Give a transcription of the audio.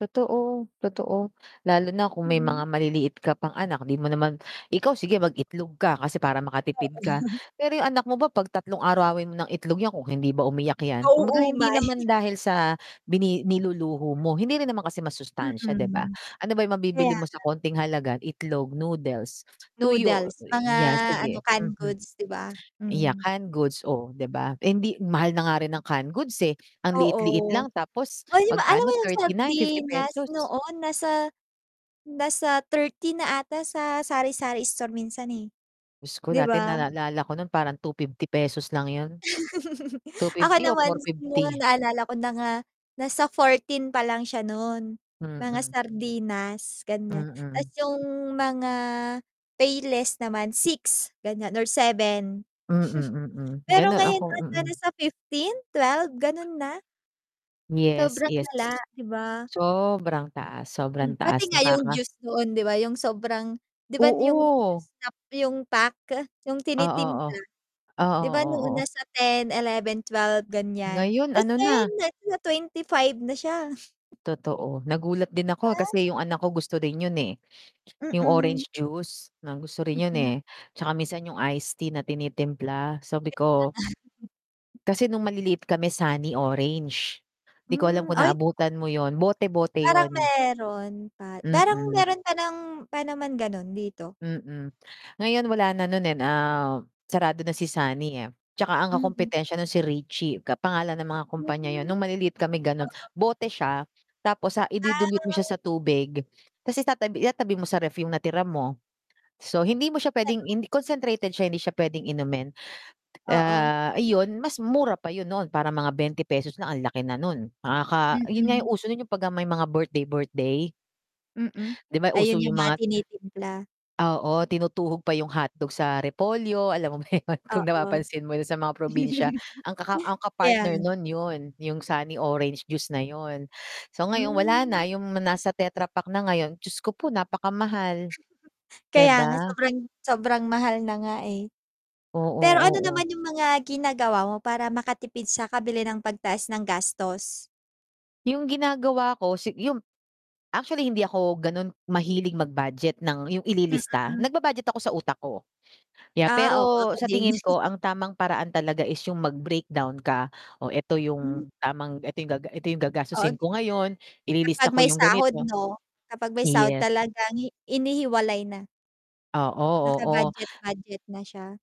Totoo, totoo. Lalo na kung may Mhm. mga maliliit ka pang anak di mo naman ikaw sige mag-itlog ka kasi para makatipid ka pero yung anak mo ba 'pag tatlong arawin mo ng itlog yan kung hindi ba umiyak yan kumbaga hindi Nauumay. naman dahil sa bini niluluho mo hindi rin naman kasi masustansya, di ba? Mm. Ano ba yung mabibili kaya mo sa nga. konting halaga itlog, noodles, tuyo Noodles, mga ya ano sige canned hmm hmm. goods, di ba? Iya Mm. canned goods oh di ba? Eh, hindi mahal na nga rin ang canned goods, eh, ang liit-liit Oo. lang tapos Oh, 'di ba alam mo magkano yung 39, fifty nagsardinas pesos. noon nasa nasa 30 na ata sa sari-sari store minsan eh. Diyos ko Di dati ba? naalala ko nun parang ₱250 lang yun. two Ako fifty o naman fourty mo fifty? naalala ko na nga nasa 14 pa lang siya nun, mga Mm. sardinas ganyan, tas Mm. yung mga payless naman 6 ganyan or 7. Mm, mm. Pero Ganun ngayon ako, ano mm. nasa 15, 12 ganon na. Yes, Sobrang yes. lala, di ba? Sobrang taas Mm. sobrang Pati taas nga yung nakaka juice noon di ba, yung sobrang di ba yung Oo. juice na yung pack, yung Oo, oh. tinitimpla, Oo, di ba oo, noon na oo. 10, 11, 12 ganyan, Ngayon tas ano ngayon na nasa 25 na siya. Totoo nagulat din ako Ba? kasi yung anak ko gusto rin yun, eh, yung Mm. orange juice na gusto rin yun, Mm. eh, tsaka minsan yung iced tea na tinitimpla, Sabi Kaya ko nga. kasi nung maliliit kami sunny orange, di ko alam Hmm, kung ay naabutan mo yun bote-bote Parang yun. meron pa, parang Mm. meron pa ng pa naman ganon dito. Mm, ngayon wala na no'n eh, ah, sarado na si Sunny eh. Tsaka ang Mm. kakumpitensya no'n si Richie ka pangalan ng mga Hmm. kumpanya 'yon no'ng Oo. maliliit kami gano'n, bote siya tapos sa idi-dilute mo siya Ah. sa tubig tas itatabi itatabi mo sa ref yung natira mo. So hindi mo siya pwedeng in concentrated siya hindi siya pwedeng inumin. Oo. Ah, iyon mas mura pa 'yon noon parang mga ₱20 lang ang laki na no'n. Nakaka 'yon nga Mm. 'yong uso no'n, yung pagka may mga birthday birthday. Mm, Di ba uso ayun yung yung mga mga tinitimpla. Oo, tinutuhog pa yung hotdog sa repolyo, alam mo ba yun? Kung Oo. napapansin mo sa mga probinsya ang kaka ang ka-partner Kaya. nun yun yung sunny orange juice na yun. So ngayon wala Hmm. na yung nasa tetra pack na ngayon, Diyos ko po napakamahal. Di Kaya nga ba? sobrang sobrang mahal na nga eh. Pero Oo, ano oo. naman yung mga ginagawa mo para makatipid sa kabili ng pagtaas ng gastos. Yung ginagawa ko si yung actually hindi ako ganon mahilig mag-budget ng yung ililista Mm. nagba-budget ako sa utak ko, yeah, Ah, oo, pero ako sa din. tingin ko ang tamang paraan talaga is yung mag breakdown ka. O eto Mm. yung tamang eto yung gaga eto yung gagastusin Ag ko ngayon, ililista Kapag ko may yung sahod ganito. no, kapag may sahod yes. talagang inihiwalay na. Oo, Naka-budget oo. budget na siya.